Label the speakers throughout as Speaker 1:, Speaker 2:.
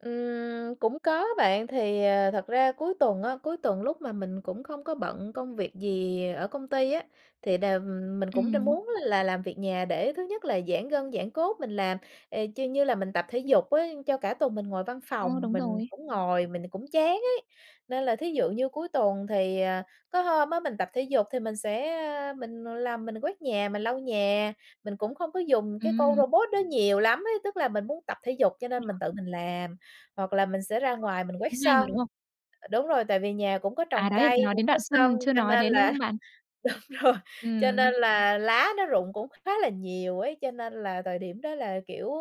Speaker 1: Ừm, cũng có bạn. Thì, ờ, thật ra cuối tuần á, cuối tuần lúc mà mình cũng không có bận công việc gì ở công ty á, thì đều, ừm, mình cũng đa
Speaker 2: Ừm.
Speaker 1: muốn là làm việc nhà để thứ nhất là giãn gân, giãn cốt mình làm, ờ, chư như là mình tập thể dục á, cho cả tuần mình ngồi văn
Speaker 2: Ờ,
Speaker 1: phòng
Speaker 2: đúng
Speaker 1: mình
Speaker 2: rồi.
Speaker 1: ngồi mình cũng chán ấy. Nên là thí dụ như cuối tuần thì, ờ, có hôm á, mình tập thể dục thì mình sẽ, a, mình làm, mình quét nhà, mình lau nhà, mình cũng không có dùng cái con
Speaker 2: Ừm.
Speaker 1: robot đó nhiều lắm ấy. Tức là mình muốn tập thể dục cho nên mình
Speaker 2: [unintelligible]
Speaker 1: tự mình làm, hoặc là mình sẽ ra ngoài mình
Speaker 2: Thấy
Speaker 1: quét
Speaker 2: cũng hay mà,
Speaker 1: sân,
Speaker 2: đúng không?
Speaker 1: ờ, đúng rồi, tại vì nhà cũng có
Speaker 2: À,
Speaker 1: trồng
Speaker 2: đấy,
Speaker 1: cây,
Speaker 2: nói
Speaker 1: cũng
Speaker 2: đến
Speaker 1: có
Speaker 2: đoạn
Speaker 1: sân.
Speaker 2: phân chưa
Speaker 1: Cho
Speaker 2: nói
Speaker 1: nên
Speaker 2: đến, đúng
Speaker 1: là
Speaker 2: không bạn?
Speaker 1: đúng rồi, cho
Speaker 2: Ừm.
Speaker 1: nên là lá nó rụng cũng khá là nhiều ấy, cho nên là thời điểm đó là, kiểu,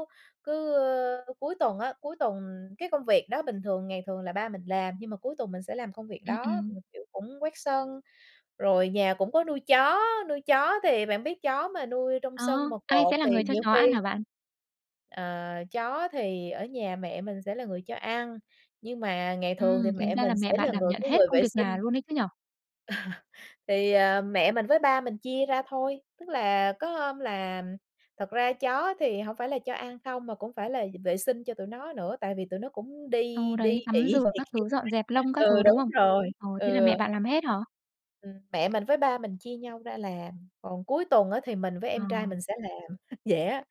Speaker 1: cứ, ơ, cuối tuần á, cuối tuần cái công việc đó bình thường ngày thường là ba mình làm, nhưng mà cuối tuần mình sẽ làm công việc
Speaker 2: Ừm,
Speaker 1: đó, ừm,
Speaker 2: ừm.
Speaker 1: kiểu, cũng quét sân. Rồi nhà cũng có nuôi chó, nuôi chó thì bạn biết chó mà nuôi trong
Speaker 2: Ờ,
Speaker 1: sân mà
Speaker 2: ai
Speaker 1: cột
Speaker 2: sẽ là
Speaker 1: thì
Speaker 2: người cho
Speaker 1: nhiều
Speaker 2: chó ăn
Speaker 1: khi
Speaker 2: hả bạn?
Speaker 1: Ờ, chó thì ở nhà mẹ mình sẽ là người cho ăn, nhưng mà ngày thường thì
Speaker 2: Ừm, tính
Speaker 1: mẹ
Speaker 2: ra
Speaker 1: mình
Speaker 2: là
Speaker 1: sẽ
Speaker 2: mẹ bạn
Speaker 1: là
Speaker 2: đảm
Speaker 1: người
Speaker 2: nhận
Speaker 1: cái
Speaker 2: hết
Speaker 1: người vệ
Speaker 2: công việc nhà
Speaker 1: sinh.
Speaker 2: luôn ấy chứ nhỉ?
Speaker 1: Thì, ờ, mẹ mình với ba mình chia ra thôi. Tức là có hôm là thật ra chó á thì hổng phải là cho ăn không mà cũng phải là d vệ sinh cho tụi nó nữa, tại vì tụi nó cũng
Speaker 2: Ờ,
Speaker 1: đi đi
Speaker 2: đấy, tắm
Speaker 1: ị
Speaker 2: rửa
Speaker 1: này
Speaker 2: các
Speaker 1: kia
Speaker 2: thứ, dọn
Speaker 1: [unintelligible]
Speaker 2: dẹp lông các
Speaker 1: ừ,
Speaker 2: thứ, đúng
Speaker 1: đúng
Speaker 2: không?
Speaker 1: rồi.
Speaker 2: Ờ, thế là
Speaker 1: Ừ.
Speaker 2: mẹ bạn làm hết hả?
Speaker 1: Ừm, mẹ mình với ba mình chia nhau ra làm, còn cuối tuần á, thì mình với em trai
Speaker 2: Ờ.
Speaker 1: mình sẽ làm, vậy á,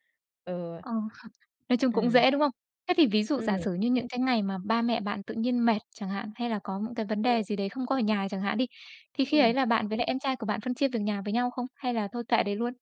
Speaker 1: ừ.
Speaker 2: Ờ. Nói chung cũng
Speaker 1: Ừm.
Speaker 2: dễ, đúng không? Thế thì ví dụ giả
Speaker 1: Ừm.
Speaker 2: sử như những cái ngày mà ba mẹ bạn tự nhiên mệt chẳng hạn, hay là có những cái vấn
Speaker 1: Ừm.
Speaker 2: đề gì đấy không có ở nhà chẳng hạn đi, thì khi ấy
Speaker 1: Ừm.
Speaker 2: là bạn với lại em trai của bạn phân chia việc nhà với nhau không? Hay là thôi kệ đấy luôn?